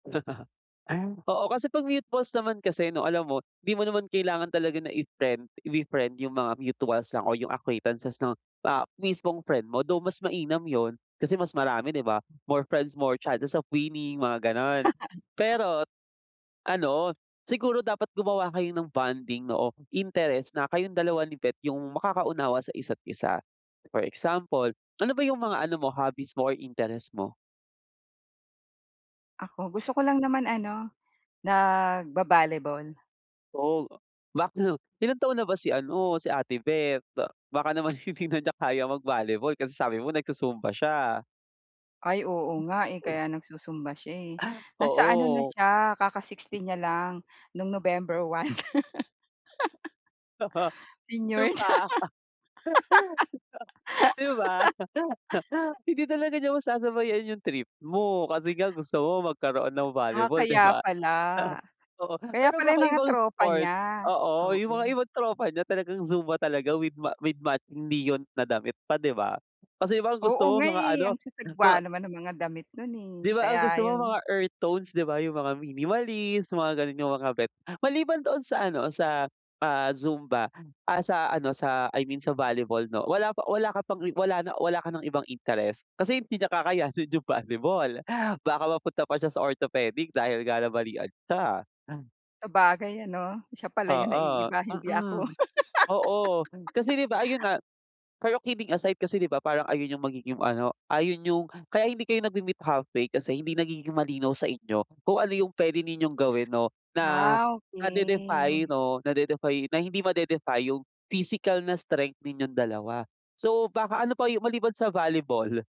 Oo, kasi 'pag mutuals naman kasi 'no alam mo, di mo naman kailangan talaga na i-friend ifi-friend yung mga mutuals lang o yung acquaintances 'no, ah, mismong friend mo though mas mainam yun, kasi mas marami 'di ba? More friends, more chances of winning mga gano'n pero, ano siguro dapat gumawa kayo ng bonding 'no, o interest na kayong 2 ni bet yung makakaunawa sa isa't isa, for example, ano ba yung mga ano mo hobbies or interest mo? Ako, gusto ko lang naman ano nagba-volleyball. [unintelligible] Ilang taon na ba si ano, si ate bet? Baka naman hindi na niya kaya mag-volleyball kasi sabi mo nagsu-zumba siya. Ay, oo nga, eh, Uy. kaya nagsu-zumba siya, eh, Ah, nasa ano na oo. siya kaka-60 niya lang noong November 1. Yun Senior na. pa. 'Di ba? Hindi talaga niya masasabayan yung trip mo, kasi nga gusto mo magkaroon ng Ah, volleyball 'di kaya ba? pala. Oo, Kaya pero pala baka yung mga ibang tropa sport, niya oo yung mga oo. ibang tropa niya talagang zumba talaga with ma with matching neon na damit pa 'di ba? Kasi iba ang Oo gusto mo nga, mga eh, ano ang mga sasagwa naman nung mga damit no'n, eh, 'Di ba, kaya ang gusto mo yun. mga earth tones 'di ba yung mga minimalist, mga gano'n yung mga bet, maliban doon sa ano o sa, ah, zumba, ah, sa ano sa I mean sa volleyball 'no, wala pa wala ka pang, eh, wala na o wala ka ng ibang interest kasi hindi niya kakayanin yung volleyball baka mapunta pa siya sa orthopedic dahil nga nabalian siya. Sabagay ano, siya pala 'yon Oo, naiiba hindi mm. ako. Oo, kasi 'di ba ayun nga pero kidding aside kasi 'di ba parang ayun yung magiging ano, ayun yung kaya hindi kayo nagme-meet halfway kasi hindi nagiging malinaw sa inyo kung ano yung puwede ninyong gawin 'no, na Ah, nade-defy okey. 'no, nade-defy na hindi made-defy yung physical na strength ninyong dalawa so baka ano pa yung maliban sa volleyball?